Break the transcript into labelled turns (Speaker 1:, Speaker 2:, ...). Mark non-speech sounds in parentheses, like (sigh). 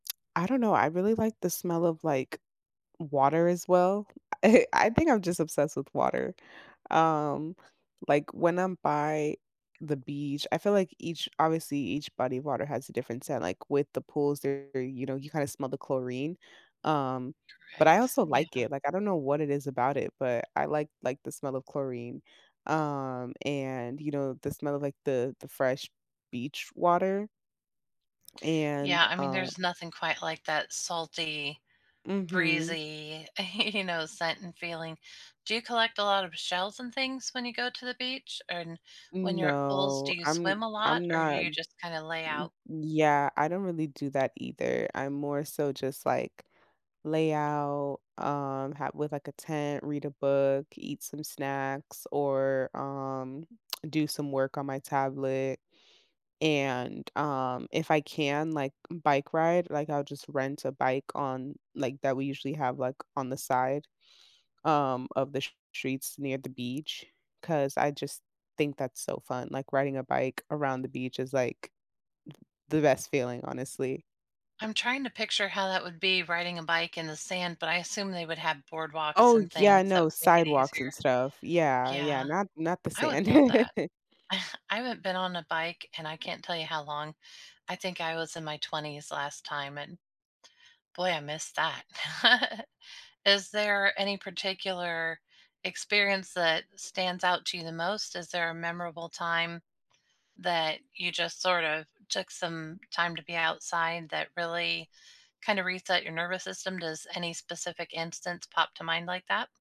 Speaker 1: I don't know. I really like the smell of, like, water as well. I I think I'm just obsessed with water. Um, like, when I'm by the beach, I feel, like, each obviously, each body of water has a different scent, like, with the pools are, you know, you kinda smell the chlorine. Um, but I
Speaker 2: Correct.
Speaker 1: also
Speaker 2: Yeah.
Speaker 1: like it, like, I don't know what it is about it, but I like like the smell of chlorine. Um, and, you know, the smell of, like, the the fresh beach water and,
Speaker 2: Yeah, I mean,
Speaker 1: um
Speaker 2: there's nothing quite like that salty,
Speaker 1: Mhm.
Speaker 2: breezy, you know, scent and feeling. Do you collect a lot of shells and things when you go to the beach? And when you're at pools, do
Speaker 1: No,
Speaker 2: you
Speaker 1: I'm
Speaker 2: swim a lot,
Speaker 1: I'm
Speaker 2: or do
Speaker 1: not
Speaker 2: you just kinda lay
Speaker 1: Y
Speaker 2: out?
Speaker 1: yeah, I don't really do that either. I'm more so just, like, lay out, um, ha with, like, a tent, read a book, eat some snacks or, um, (smacks lips) do some work on my tablet, and, um, if I can, like, bike ride, like, I'll just rent a bike on, like that we usually have, like, on the side, um, of the s streets near the beach, 'cause I just think that's so fun, like, riding a bike around the beach is, like, th the best feeling, honestly.
Speaker 2: I'm trying to picture how that would be riding a bike in the sand, but I assume they would have boardwalks
Speaker 1: Oh,
Speaker 2: and
Speaker 1: yeah,
Speaker 2: things that
Speaker 1: no,
Speaker 2: make it
Speaker 1: sidewalks
Speaker 2: easier.
Speaker 1: and stuff. Yeah, yeah,
Speaker 2: Yeah.
Speaker 1: not not the
Speaker 2: I would
Speaker 1: sand.
Speaker 2: love that.
Speaker 1: (laughs)
Speaker 2: (chuckles) I haven't been on a bike, and I can't tell you how long. I think I was in my 20s last time, and boy, I miss that. (laughs) Is there any particular experience that stands out to you the most? Is there a memorable time that you just sort of took some time to be outside that really kind of reset your nervous system? Does any specific instance pop to mind like that?